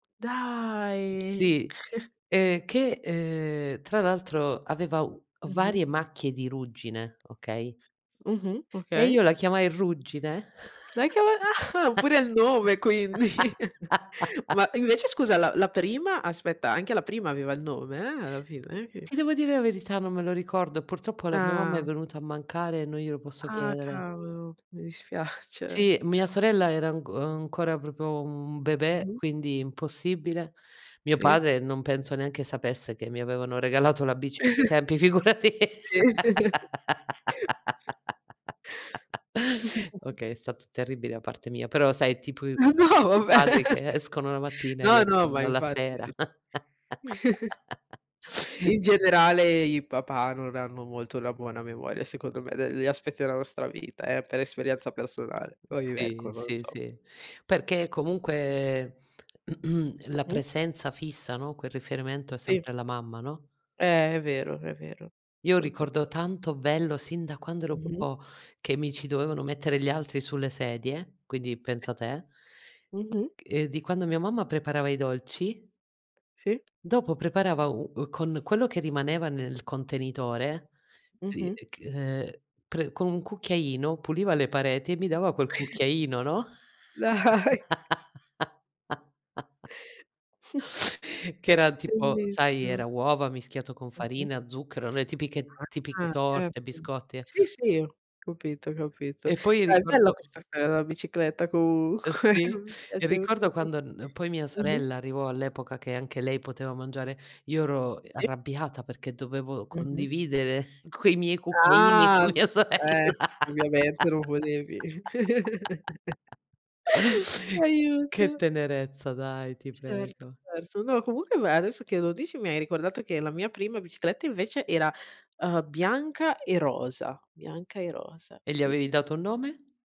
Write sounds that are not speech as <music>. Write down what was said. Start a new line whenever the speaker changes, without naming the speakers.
Dai!
Sì.
<chuckles>
Ehm, che, ehm, tra l'altro aveva u
Mh-mh.
varie macchie di ruggine, okay?
Mh-mh.
E
Okay.
io la chiamai "Ruggine".
Lei che ave a ah, pure il nome quindi. <chuckles>
<laughs>
Ma, invece scusa, la la prima? Aspetta, anche la prima aveva il nome, eh, alla fine che
Ti devo dire la verità, non me lo ricordo, purtroppo la mia mamma è
Ah!
venuta a mancare e non glielo posso
Ah
chiedere.
cavolo! Mi dispiace. Eh
Sì, mia
s
sorella era anc uhm, ancora proprio un bebè,
Mh-mh.
quindi impossibile. Mio
Sì.
padre non penso neanche sapesse che mi avevano regalato la bici a quei
<chuckles>
tempi, figurati.
Sì. <chuckles>
<laughs>
<chuckles>
Okay, è stato terribile da parte mia, però sai è tip
Ma no,
<unintelligible>
vabbè.
padri che
<chuckles>
escono la
C
mattina e
no, no, ma
rientrano la
infatti sì,
sera.
sì. <chuckles>
<chuckles>
In generale i papà non hanno molto la buona memoria secondo me degli aspetti della nostra vita, eh, per esperienza personale.
Uhm,
Poi,
sì,
ecco, non
sì,
so.
sì, perché comunque, <clears throat> la
Mh-mh.
presenza fissa, no? Quel riferimento è
Sì.
sempre la mamma, no?
Eh, è vero, è vero,
Io
solutamen
ricordo tanto bello sin da quando ero
Mh-mh.
proprio che mi ci dovevano mettere gli altri sulle sedie, quindi
Sì.
pensa te!
Mh-mh.
Ehm, di quando mia mamma preparava i dolci
Sì.
dopo preparava u uhm, con quello che rimaneva nel contenitore, uhm,
Mh-mh.
e ch ehm, pre con un cucchiaino puliva le pareti e mi dava quel
Sì.
cucchiaino, no?
Dai.
<laughs>
<chuckles>
Che era tipo sai,
Bellissimo!
era uova mischiato con
Mh-mh.
farina, zucchero, le tipiche
Ah,
tipiche
ah,
torte,
certo.
biscotti e
Sì, sì, ho capito, ho capito.
E poi
Beh, bella
ricordo
questa storia della bicicletta,
Ehm,
comunque.
sì. E
Piaciuta,
ricordo
sì.
quando n poi mia
Mh-mh.
sorella arrivò all'epoca che anche lei poteva mangiare, io ero, uhm,
Sì.
arrabbiata perché dovevo
Mh-mh.
condividere quei miei cucchiaini
Ah!
con mia sorella.
Eh! Ovviamente non volevi. <chuckles>
<laughs> Che
Aiuto!
tenerezza, dai! Ti
Certo,
prego.
perso. No, comunque beh, adesso che lo dici, mi hai ricordato che la mia prima bicicletta invece era, uhm, bianca e rosa. Bianca e rosa,
E gli
sì.
avevi dato un nome?